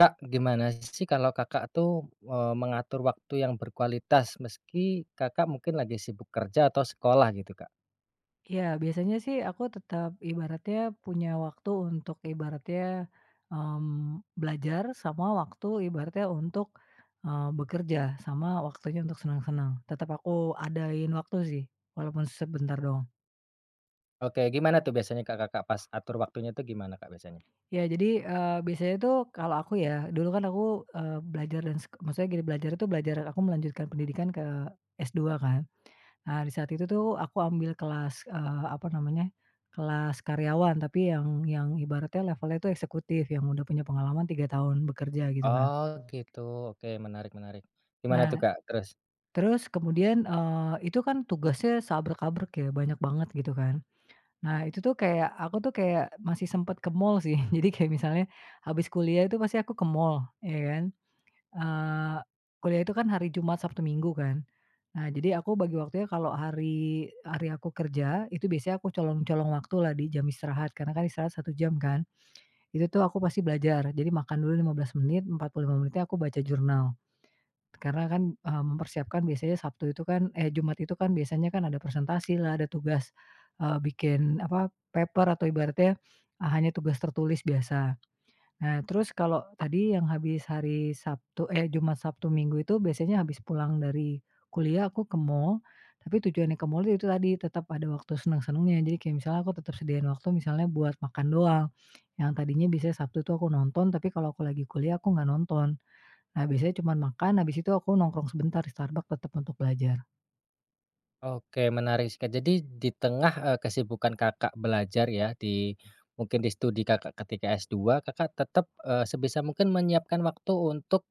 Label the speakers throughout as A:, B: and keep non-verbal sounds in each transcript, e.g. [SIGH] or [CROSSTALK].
A: Kak, gimana sih kalau Kakak tuh, eee, mengatur waktu yang berkualitas meski Kakak mungkin lagi sibuk kerja atau sekolah, gitu, Kak?
B: Ya, biasanya sih aku tetap ibaratnya punya waktu untuk ibaratnya, eee, belajar, sama waktu ibaratnya untuk, eee, bekerja, sama waktunya untuk seneng-seneng, tetap aku adain waktu sih, walaupun sebentar doang.
A: Oke, gimana tuh biasanya, Kak, Kakak pas atur waktunya tuh gimana, Kak, biasanya?
B: Ya, jadi, eee, biasanya tuh kalau aku ya, dulu kan aku, ee, belajar dan sek maksudnya gini, belajar tuh, belajar aku melanjutkan pendidikan ke S2 kan. Nah, di saat itu tuh aku ambil kelas, eeh, apa namanya, kelas karyawan tapi yang yang ibaratnya levelnya itu eksekutif yang udah punya pengalaman 3 tahun bekerja, gitu kan.
A: Oh, gitu, oke, menarik menarik, gimana tuh,
B: Nah,
A: Kak, terus?
B: terus kemudian, eee, itu kan tugasnya seabrek-abrek ya, banyak banget, gitu kan, nah, itu tuh kayak aku tuh kayak masih sempet ke mall sih, [CHUCKLES] jadi kayak misalnya habis kuliah itu pasti aku ke mall, ya kan, eee, kuliah itu kan hari Jumat, Sabtu, Minggu, kan. Nah, jadi aku bagi waktunya kalau hari hari aku kerja, itu biasanya aku colong-colong waktu lah di jam istirahat, karena kan istirahat 1 jam, kan, itu, tuh, aku pasti belajar, jadi makan dulu 15 menit, 45 menit aku baca jurnal, karena kan, eee, mempersiapkan biasanya Sabtu itu kan, eh, Jumat itu kan biasanya kan ada persentasi lah, ada tugas, eee, bikin, apa, paper atau ibaratnya hanya tugas tertulis biasa. Nah, terus kalau tadi yang habis hari Sabtu eh, Jumat, Sabtu, Minggu, itu biasanya habis pulang dari kuliah, aku ke mall, tapi tujuannya ke mall itu tadi, tetap ada waktu seneng-senengnya, jadi kayak misalnya aku tersedia waktu misalnya buat makan doang, yang tadinya biasanya Sabtu, itu aku nonton, tapi kalau aku lagi kuliah, aku nggak nonton. Nah, biasanya cuman makan, habis itu aku nongkrong sebentar di Starbucks tetap untuk belajar.
A: Oke, menarik seka jadi di tengah, eee, kesibukan Kakak belajar ya, di mungkin di studi Kakak ketika S2, Kakak tetep, eee, sebisa mungkin menyiapkan waktu untuk,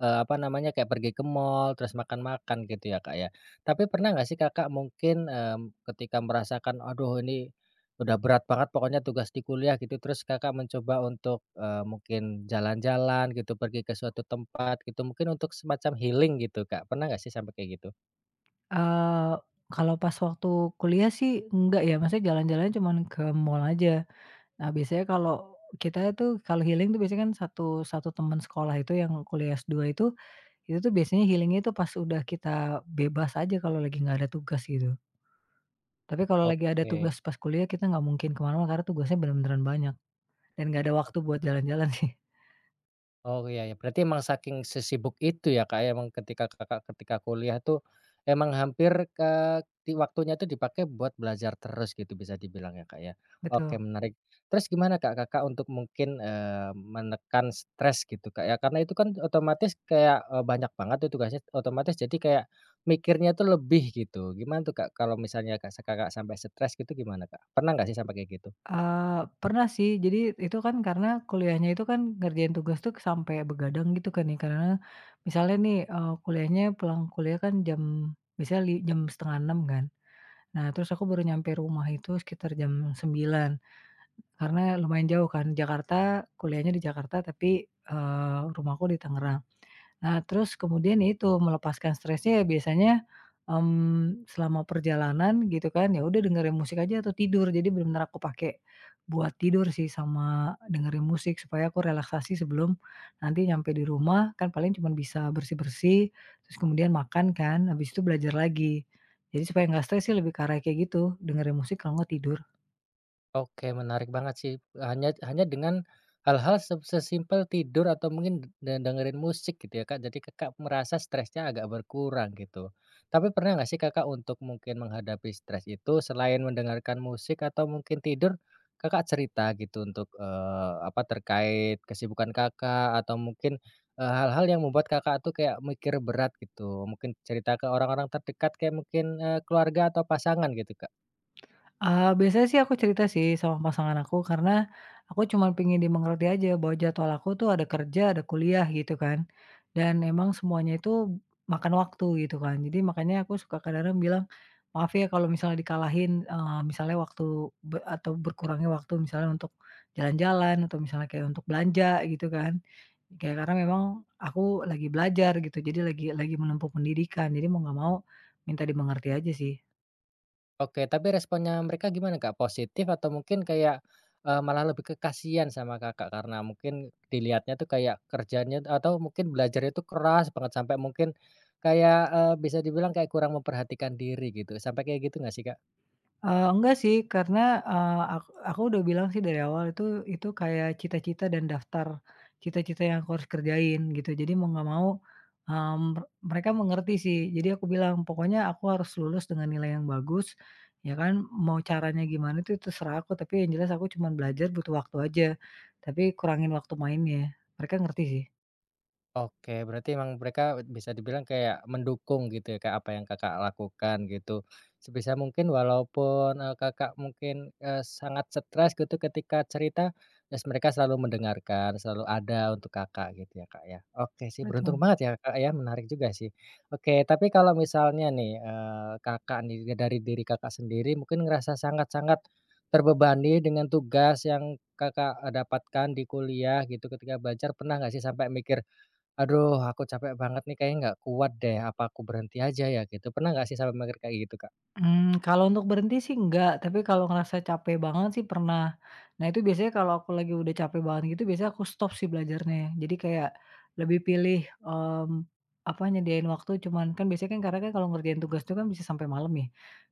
A: eee, apa namanya, kayak pergi ke mall terus makan-makan, gitu, ya, Kak, ya. Tapi pernah nggak sih, Kakak mungkin, eee, ketika merasakan, "Aduh, ini udah berat banget pokoknya, tugas di kuliah", gitu, terus Kakak mencoba untuk, eee, mungkin jalan-jalan, gitu, pergi ke suatu tempat, gitu, mungkin untuk semacam healing, gitu, Kak, pernah nggak sih, sampe kayak gitu?
B: Eee, kalau pas waktu kuliah sih, enggak ya, maksudnya jalan-jalannya cuman ke mall aja. Nah, biasanya kalau kita tuh kalau healing itu, biasanya kan 1, 1 teman sekolah itu yang kuliah S2 itu, itu tuh biasanya healing itu pas udah kita bebas aja, kalau lagi nggak ada tugas gitu, tapi kalau lagi ada
A: Oke.
B: tugas pas kuliah, kita nggak mungkin kemana-mana karena tugasnya bener-beneran banyak dan nggak ada waktu
A: Oke.
B: buat jalan-jalan, sih.
A: Oh, ya ya. Berarti emang saking sesibuk itu ya, Kak, emang ketika Kakak ketika kuliah tuh, emang hampir, eee, di waktunya tuh dipakai buat belajar terus, gitu, bisa dibilang ya, Kak, ya? Oke,
B: Betul.
A: menarik. Terus gimana, Kak, Kakak untuk mungkin, eee, menekan stres gitu, Kak, ya, karena itu kan otomatis kayak, eee, banyak banget itu tugasnya. Otomatis jadi kayak mikirnya tuh lebih, gitu. Gimana tuh, Kak, kalau misalnya, Kak, Kakak sampe stres, gitu, gimana, Kak? Pernah nggak sih sampai kayak gitu?
B: Eee, pernah sih, jadi itu kan karena kuliahnya itu kan ngerjain tugas tuh, sampe begadang, gitu kan, ya, kan. Misalnya nih, eee, kuliahnya pulang kuliah kan jam biasanya li jam 05:30 kan. Nah, terus aku baru nyampe rumah itu sekitar jam 09.00 karena lumayan jauh kan Jakarta, kuliahnya di Jakarta, tapi, eee, rumahku di Tangerang. Nah, terus kemudian ya itu, melepaskan stresnya ya, biasanya, mhm, selama perjalanan, gitu kan, ya udah dengerin musik aja atau tidur, jadi bener-bener aku pake buat tidur sih, sama dengerin musik supaya aku relaksasi sebelum nanti nyampe di rumah, kan paling cuman bisa bersih-bersih, terus kemudian makan kan, habis itu belajar lagi. Jadi supaya nggak stres sih, lebih ke arah kayak gitu, dengerin musik, kalo nggak tidur.
A: Oke menarik banget sih, hanya hanya dengan hal-hal se sesimpel tidur atau mungkin de de dengerin musik gitu ya, Kak. Jadi, Kakak, merasa stresnya agak berkurang gitu. Tapi pernah nggak sih, Kakak, untuk mungkin menghadapi stres itu selain mendengarkan musik atau mungkin tidur, Kakak, cerita gitu untuk, eee, apa, terkait kesibukan, Kakak, atau mungkin, eee, hal-hal yang membuat, Kakak, tuh kayak mikir berat gitu mungkin cerita ke orang-orang terdekat kayak mungkin, eee, keluarga atau pasangan gitu, Kak?
B: Eee, biasanya sih aku cerita sih sama pasangan aku, karena aku cuma pingin dimengerti aja bahwa jadwal aku tuh ada kerja ada kuliah gitu kan, dan emang semuanya itu makan waktu gitu kan. Jadi makanya aku suka kadang-kadang bilang, "Maaf ya kalau misalnya dikalahin, eee, misalnya waktu be atau berkurangnya waktu misalnya untuk jalan-jalan, atau misalnya kayak untuk belanja," gitu kan. Ya karena memang aku lagi belajar gitu, jadi lagi lagi menempuh pendidikan jadi mau gak mau minta dimengerti aja sih.
A: Oke, tapi responnya mereka gimana, Kak? Positif atau mungkin kayak, eee, malah lebih ke kasihan sama, Kakak, karena mungkin dilihatnya tuh kayak kerjanya atau mungkin belajarnya tuh keras banget sampai mungkin kayak, eee, bisa dibilang kayak kurang memperhatikan diri gitu, sampai kayak gitu nggak sih, Kak?
B: Eee, enggak sih, karena, eee, ak aku udah bilang sih dari awal, itu itu kayak cita-cita dan daftar cita-cita yang aku harus kerjain gitu, jadi mau nggak mau, eee, mer mereka mengerti sih. Jadi aku bilang pokoknya aku harus lulus dengan nilai yang bagus ya kan, mau caranya gimana tuh terserah aku, tapi yang jelas aku cuman belajar butuh waktu aja, tapi kurangin waktu mainnya. Mereka ngerti sih.
A: Oke, berarti emang mereka et bisa dibilang kayak mendukung gitu ya, Kak, apa yang, Kakak, lakukan gitu. Sebisa mungkin walaupun, eee, Kakak mungkin, eee, sangat stres gitu ketika cerita, terus mereka selalu mendengarkan, selalu ada untuk, Kakak, gitu ya, Kak, ya. Oke sih beruntung
B: Betul.
A: banget ya, Kak, ya, menarik juga sih. Oke tapi kalau misalnya nih, eee, Kakak, nih dari diri, Kakak, sendiri mungkin ngerasa sangat-sangat terbebani dengan tugas yang Kakak dapatkan di kuliah gitu ketika belajar pernah gak sih sampai mikir, "Aduh aku capek banget nih kayaknya nggak kuat deh apa aku berhenti aja ya?" gitu. Pernah gak sih sampai mikir kayak gitu, Kak?
B: Mmm, kalau untuk berhenti sih enggak, tapi kalau ngerasa capek banget sih pernah. Nah itu biasanya kalau aku lagi udah capek banget gitu biasanya aku stop sih belajarnya, jadi kayak lebih pilih, mmm, apa, nyediain waktu cuman kan biasanya kan karena kalau ngerjain tugas itu kan bisa sampai malam nih,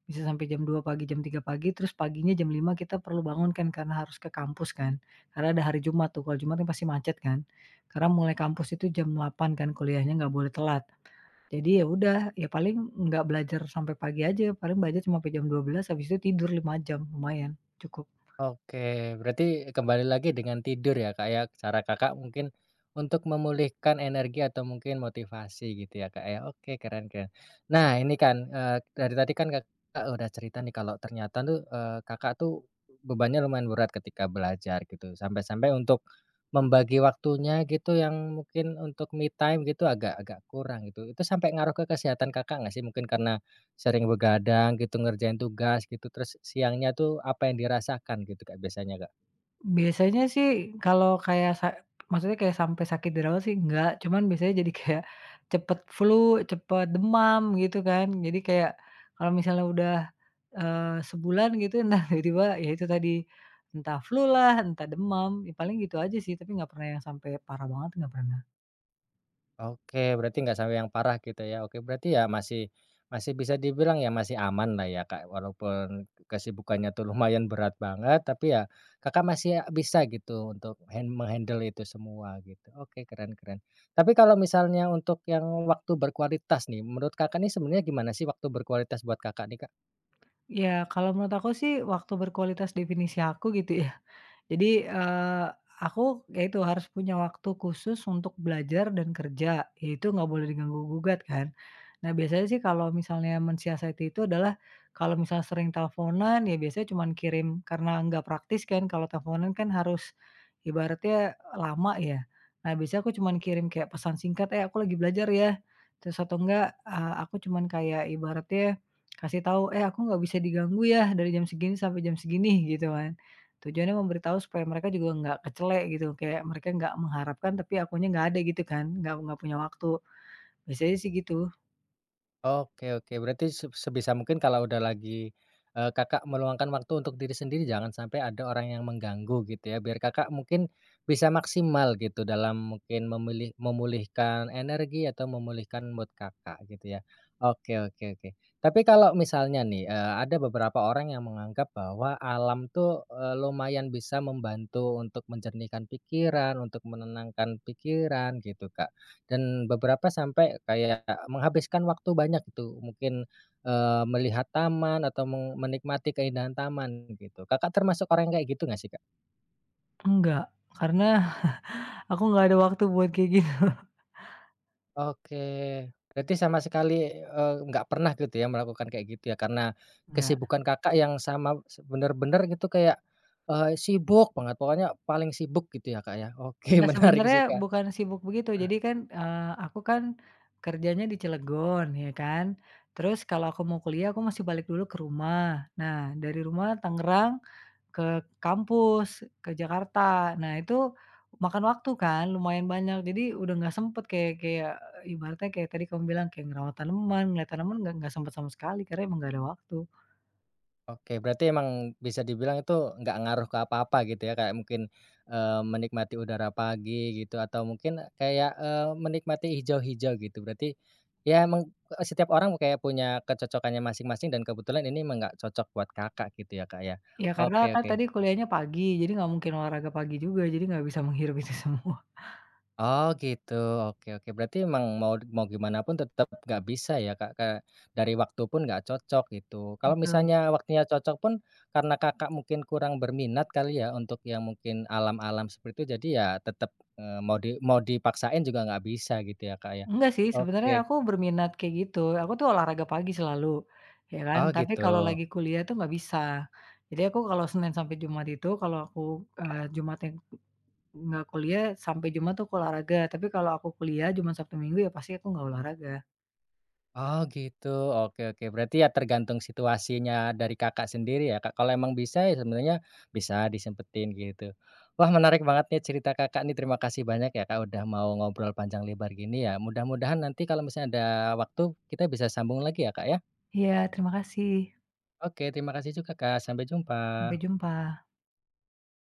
B: bisa sampai jam 02.00 pagi, jam 03.00 pagi, terus paginya jam 5.00 kita perlu bangun kan karena harus ke kampus kan. Karena ada hari Jumat tuh, kalau Jumat pasti macet kan. Karena mulai kampus itu jam 08.00 kan kuliahnya nggak boleh telat, jadi ya udah ya paling nggak belajar sampai pagi aja, paling belajar cuma ampe jam 12.00 habis itu tidur 5.00 jam. Lumayan, cukup.
A: Oke, berarti kembali lagi dengan tidur ya, Kak, ya cara, Kakak, mungkin untuk memulihkan energi atau mungkin motivasi gitu ya, Kak, ya. Oke, keren keren. Nah ini kan, eee, dari tadi kan, Kakak, udah cerita nih kalau ternyata tuh, eee, Kakak, tuh bebannya lumayan berat ketika belajar gitu. Sampai-sampai untuk membagi waktunya gitu yang mungkin untuk me time gitu agak-agak kurang itu. Itu sampai ngaruh ke kesehatan, Kakak, gak sih, mungkin karena sering begadang gitu, ngerjain tugas gitu, terus s siangnya tuh apa yang dirasakan gitu, Kak, biasanya, Kak?
B: Biasanya sih kalau kayak sa maksudnya kayak sampai sakit dirawat sih enggak, cuman biasanya jadi kayak cepet flu, cepat demam gitu kan, jadi kayak kalau misalnya udah, eee, sebulan gitu nah tiba-tiba ya itu tadi entah flu lah, entah demam, ya paling gitu aja sih tapi enggak pernah yang sampai parah banget enggak pernah.
A: Oke, berarti nggak sampai yang parah gitu ya. Oke berarti ya masih masih bisa dibilang ya masih aman lah ya, Kak, walaupun kesibukannya tuh lumayan berat banget, tapi ya, Kakak, masih a bisa gitu untuk hand menghandle itu semua gitu. Oke keren keren. Tapi kalau misalnya untuk yang waktu berkualitas nih, menurut, Kakak, nih sebenarnya gimana sih waktu berkualitas buat, Kakak, nih, Kak?
B: Ya kalau menurut aku sih, waktu berkualitas definisi aku gitu ya, jadi, eee, aku ya itu harus punya waktu khusus untuk belajar dan kerja, ya itu nggak boleh diganggu gugat kan, nah biasanya sih kalau misalnya mensiasati itu adalah kalau misalnya sering teleponan ya biasanya cuman kirim karena nggak praktis kan kalau teleponan kan harus ibaratnya lama ya. Nah biasanya aku cuman kirim kayak pesan singkat, "Eh aku lagi belajar ya." Terus atau enggak, eee, aku cuman kayak ibaratnya kasih tahu, "Eh aku nggak bisa diganggu ya dari jam segini sampai jam segini," gitu kan. Tujuannya memberi tahu supaya mereka juga ga kecele gitu, kayak mereka ga mengharapkan tapi akunya gak ada gitu kan, gak gak punya waktu. Biasanya sih gitu.
A: Oke oke, berarti se sebisa mungkin kalau udah lagi, eee, Kakak meluangkan waktu untuk diri sendiri, jangan sampai ada orang yang mengganggu gitu ya, biar Kakak mungkin bisa maksimal gitu dalam mungkin memilih memulihkan energi atau memulihkan mood Kakak gitu ya, oke oke oke. Tapi kalau misalnya nih, eee, ada beberapa orang yang menganggap bahwa alam tuh, eee, lumayan bisa membantu untuk menjernihkan pikiran, untuk menenangkan pikiran gitu Kak, dan beberapa sampai kayak menghabiskan waktu banyak tuh, mungkin, eee, melihat taman atau meng menikmati keindahan taman begitu, Kakak termasuk orang kayak gitu nggak sih Kak?
B: Enggak, karena [CHUCKLES] aku nggak ada waktu buat kayak gitu.
A: Oke, berarti sama sekali, eee, nggak pernah gitu ya melakukan kayak gitu ya, karena
B: Nggak.
A: kesibukan Kakak yang sama bener-bener gitu kayak, eee, sibuk banget, pokoknya paling sibuk gitu ya Kak ya, oke
B: Nah
A: menarik sih
B: sebenarnya
A: Kak.
B: bukan sibuk begitu jadi
A: [CLEARS THROAT]
B: kan, eee, aku kan kerjanya di Cilegon ya kan, terus kalau aku mau kuliah, aku masih balik dulu ke rumah, nah dari rumah, Tangerang ke kampus, ke Jakarta. Nah itu makan waktu kan, lumayan banyak jadi udah nggak sempet, kayak kayak ibaratnya kayak tadi kamu bilang, kayak ngerawat tanaman, ngeliat tanaman nggak nggak sempet sama sekali karena emang nggak ada waktu.
A: Oke, berarti emang bisa dibilang itu nggak ngaruh ke apa-apa gitu ya, kayak mungkin, eee, menikmati udara pagi gitu, atau mungkin kayak, eee, menikmati hijau-hijau gitu, berarti, ya meng eee, setiap orang kayak punya kecocokannya masing-masing dan kebetulan ini nggak cocok buat Kakak gitu ya Kak ya,
B: Ya karena
A: oke
B: kan
A: oke.
B: tadi kuliahnya pagi, jadi nggak mungkin olahraga pagi juga, jadi nggak bisa menghirup itu semua.
A: Oh gitu, oke oke, berarti emang mau mau gimanapun tetap nggak bisa ya Kak, eee, dari waktu pun nggak cocok, gitu. Kalau
B: Betul.
A: misalnya waktunya cocok pun, karena Kakak mungkin kurang berminat kali ya, untuk yang mungkin alam-alam seperti itu, jadi ya tetep, eee, mau di mau dipaksain juga nggak bisa gitu ya, Kak ya,
B: Enggak sih, sebenarnya
A: oke.
B: aku berminat kayak gitu, aku tuh olahraga pagi selalu, ya kan,
A: Oh
B: tapi kalau
A: gitu.
B: lagi kuliah tuh nggak bisa, jadi aku kalau Senin sampai Jumat itu kalau aku, eee, Jumatnya ng nggak kuliah, sampai Jumat tuh olahraga, tapi kalau aku kuliah, Jumat, Sabtu, Minggu, ya pasti aku nggak olahraga.
A: Oh gitu, oke oke. Berarti ya tergantung situasinya dari Kakak sendiri ya Kak, kalau emang bisa ya sebenarnya bisa disempetin gitu, wah menarik banget nih cerita Kakak nih terima kasih banyak ya Kak udah mau ngobrol panjang lebar gini ya, mudah-mudahan nanti kalau misalnya ada waktu, kita bisa sambung lagi ya Kak ya.
B: Iya terima kasih.
A: Oke terima kasih juga Kak sampai
B: Sampai
A: jumpa.
B: jumpa.